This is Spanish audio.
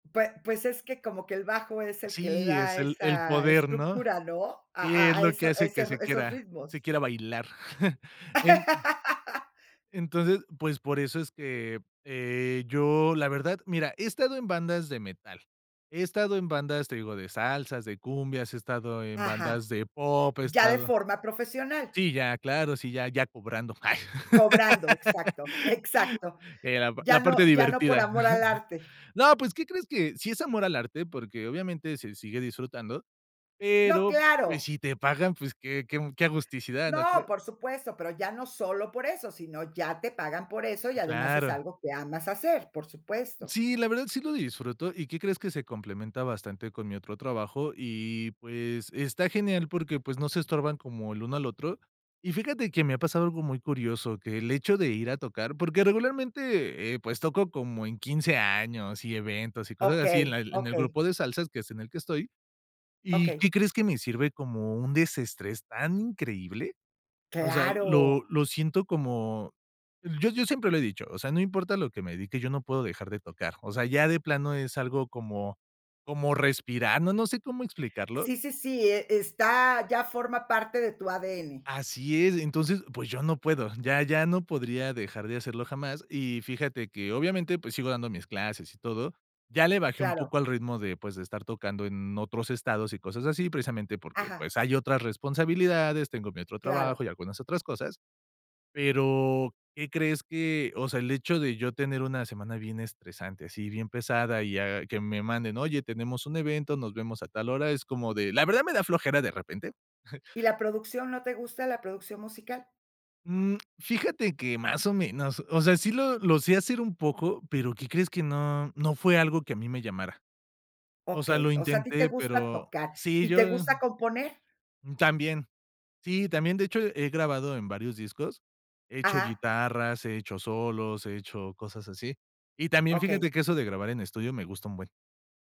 Pue pues es que como que el bajo es el que le Sí, es da el el esa poder, ¿no? estructura, ¿no? a Sí, es a a lo que eso a hace ese que se esos quiera ritmos. se quiera bailar. En entonces, pues, por eso es que, eh, yo, la verdad, mira, he estado en bandas de metal, he estado en bandas, te digo, de salsas, de cumbias, he estado. Ajá. Ya de forma profesional. Sí, ya, claro, sí, ya ya cobrando. Cobrando, exacto, exacto. La Ya la no parte ya no por divertida. amor al arte. No, pues, ¿qué crees? Que sí es amor al arte, porque obviamente se sigue disfrutando, No, pero, pues, claro. si te pagan, pues, qué qué qué agusticidad, ¿no No, crees? por supuesto, pero ya no solo por eso, sino ya te pagan por eso, y además es Claro. algo que amas hacer, por supuesto. Sí, la verdad sí lo disfruto, ¿y qué crees? Que se complementa bastante con mi otro trabajo y, pues, está genial porque, pues, no se estorban como el uno al otro. Y fíjate que me ha pasado algo muy curioso, que el hecho de ir a tocar, porque regularmente, eh, pues toco como en 15 años y eventos y cosas así en Okey, la en el okey. grupo de salsas, que es en el que estoy, ¿y qué Okey. crees? Que me sirve como un desestrés tan increíble. O sea, lo Claro. lo siento como, yo yo siempre lo he dicho, o sea, no importa a lo que me dedique, yo no puedo dejar de tocar, o sea, ya de plano es algo como como respirando, no sé cómo explicarlo. Sí, sí, sí, e está, ya forma parte de tu ADN. Así es, entonces, pues yo no puedo, ya ya no podría dejar de hacerlo jamás. Y fíjate que obviamente, pues sigo dando mis clases y todo, ya le bajé un Claro. poco al ritmo de, pues de estar tocando en otros estados y cosas así, precisamente porque, Ajá. pues hay otras responsabilidades, tengo mi otro Claro. trabajo y algunas otras cosas. Pero, ¿qué crees?, que, o sea, el hecho de yo tener una semana bien estresante, así bien pesada y a que me manden: "Oye, tenemos un evento, nos vemos a tal hora", es como de, la verdad me da flojera de repente. Y la producción, ¿no te gusta la producción musical? Mm, fíjate que más o menos, o sea, sí lo lo sé hacer un poco, pero ¿qué crees? Que no no fue algo que a mí me llamara. O sea, lo Okey. O sea, ¿a ti te intenté, gusta pero tocar sí, y te yo gusta componer? también. Sí, también, de hecho, he grabado en varios discos, he hecho Ajá. guitarras, he hecho solos, he hecho cosas así, y también Okey. fíjate que eso de grabar en estudio me gusta un buen.